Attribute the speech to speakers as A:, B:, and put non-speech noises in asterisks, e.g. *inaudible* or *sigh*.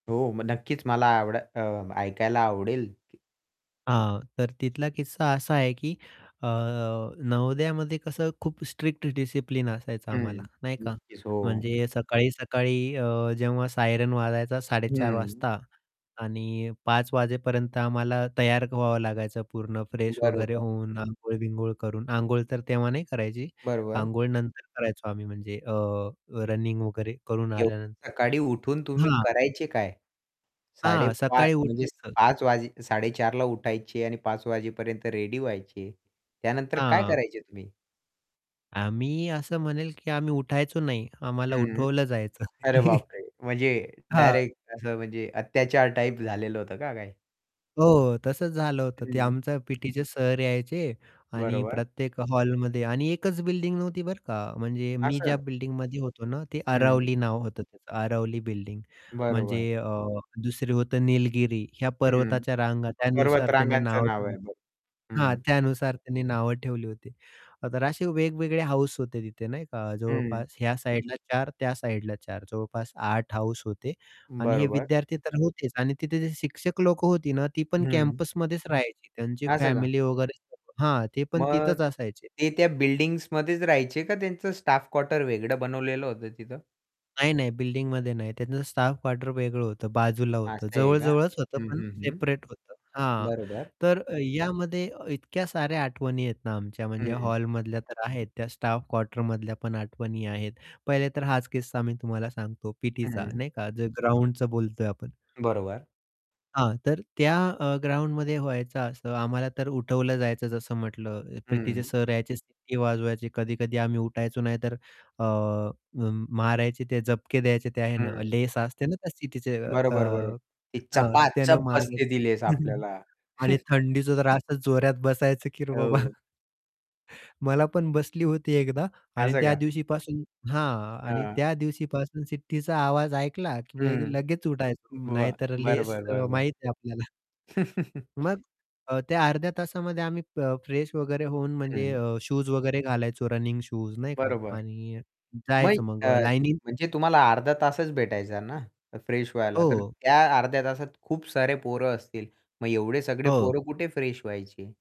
A: हो, मग नक्कीच मला आवड अ, ऐकायला आवडेल की
B: हां, तर तिथला किस्सा असा आहे की अ, नवोदयामध्ये कसं खूप स्ट्रिक्ट डिसिप्लिन असायचं आम्हाला,
A: हं,
B: नाही का.
A: नक्कीच. हो.
B: म्हणजे सकाळी-सकाळी अ, जेव्हा सायरन वाजायचा 4:30
A: हं.
B: वाजता आणि 5:00 वाजेपर्यंत आम्हाला तयार व्हावं लागायचं पूर्ण फ्रेश वगैरे
A: बरोबर.
B: होऊन आंघोळ-बिंघोळ करून, आंघोळ तर तेव्हा नाही करायची.
A: बरोबर.
B: आंघोळ नंतर करायचो आम्ही म्हणजे अ, रनिंग वगैरे करून
A: एवढ्या
B: आल्यानंतर.
A: सकाळी उठून तुम्ही
B: हां.
A: करायचे काय? साडे
B: हां,
A: पाच
B: सकाळी
A: म्हणजे
B: उठायचं.
A: 5:00 वाजे 4:30 ला उठायचे आणि 5:00 वाजेपर्यंत रेडी व्हायचे. त्यानंतर काय
B: हां.
A: करायचे तुम्ही?
B: आम्ही असं म्हणेल की आम्ही उठायचो नाही, आम्हाला
A: हं.
B: उठवलं जायचं.
A: अरे बापरे!
B: *chuckles*
A: म्हणजे
B: हां.
A: डायरेक्ट असं म्हणजे अत्याचार टाइप झालेलं होतं का काय?
B: हो, तसचं झालं होतं ते
A: हं.
B: आमचं पीटीचे सर यायचे आणि
A: बरोबर.
B: प्रत्येक हॉलमध्ये आणि एकच बिल्डिंग नव्हती बरं का, म्हणजे मी ज्या
A: असं.
B: बिल्डिंगमध्ये होतो ना ते
A: हं.
B: अरावली नाव होतं त्याचं अरावली बिल्डिंग.
A: बरोबर.
B: म्हणजे अ, दुसरी होतं निलगिरी या
A: हं.
B: पर्वताच्या रांगा त्यानुसार त्याने
A: पर्वतरांगांचं
B: नाव
A: नाव
B: ठेवली.
A: आहे. बरं.
B: हां,
A: हं.
B: त्यानुसार त्यांनी नावं ठेवली होती. तर असे वेगवेगळे हाऊस होते तिथे नाही का,
A: हं.
B: जवळपास ह्या साइडला 4 त्या साइडला 4 जवळपास 8 हाऊस होते आणि हे
A: बरोबर.
B: विद्यार्थी तर होतेच आणि तिथे जे शिक्षक लोक होती ना, ती पण
A: हं.
B: कॅम्पसमध्येच राहायची त्यांची
A: असं का?
B: फॅमिली वगैरे हां, ते पण
A: मग
B: तिथेच असायचे.
A: ते त्या बिल्डिंग्समध्येच राहायचे का त्यांचं स्टाफ क्वार्टर वेगळं बनवलेलं होतं तिथं?
B: नाही, नाही. बिल्डिंगमध्ये नाही, त्यांच स्टाफ क्वार्टर वेगळं होतं बाजूला होतं,
A: असं आहे का?
B: जवळ-जवळच होतं.
A: हं,
B: पण
A: हं, हं.
B: सेपरेट होतं. हां,
A: बरोबर.
B: तर अ, यामध्ये इतक्या साऱ्या आठवणी आहेत ना आमच्या, म्हणजे
A: हं.
B: हॉलमधल्या तर आहेत, त्या स्टाफ क्वार्टरमधल्या पण आठवणी आहेत. पहिले तर हाच किस्सा मी तुम्हाला सांगतो
A: हं,
B: पीटीचा
A: हं.
B: नाही का? जे ग्राउंडच बोलतोय आपण.
A: बरोबर.
B: हां, तर त्या अ, ग्राउंडमध्ये व्हायचं असं, आम्हाला तर उठवलं जायचं जसं म्हटलं पीटीचे
A: हं.
B: सर यायचे सिटी वाजवायची कधी-कधी आम्ही उठायचो नाही तर अ, म मारायचे ते झपके द्यायचे ते आहे ना,
A: हं.
B: लेस असते ना त्या शिट्टीची अ,
A: बरोबर, बरोबर. ती
B: त्यानं
A: चपाचप
B: मारालंय
A: बसते ती लेस
B: *chuckles*
A: आपल्याला.
B: आणि
A: *chuckles*
B: थंडीचा तर असं जोऱ्यात बसायचं की रे बाबा
A: हो.
B: *chuckles* मला पण बसली होती एकदा आणि
A: असं
B: त्या
A: का.
B: दिवशीपासून हां. आणि
A: हां.
B: त्या दिवशीपासून शिट्टीचा आवाज ऐकला की
A: हं.
B: लगेच उठायचो
A: बरं,
B: नाहीतर
A: बरं,
B: लेस
A: बरं,
B: अ,
A: बरं, बरं.
B: माहिती आहे आपल्याला.
A: *chuckles*
B: मग अ, त्या अर्ध्या तासामध्ये आम्ही प फ्रेश वगैरे होऊन म्हणजे
A: हं.
B: अ, शूज वगैरे घालायचो, रनिंग शूज नाही का.
A: बरोबर.
B: आणि
A: मग
B: जायचं मग
A: अ,
B: लाइनिंग
A: म्हणजे तुम्हाला अर्धा तासच भेटायचा ना अ, फ्रेश व्हायला तर,
B: हो.
A: त्या अर्ध्या तासात खूप सारे पोरं असतील. मग एवढे सगळे
B: हो.
A: पोरं कुठे फ्रेश व्हायचे?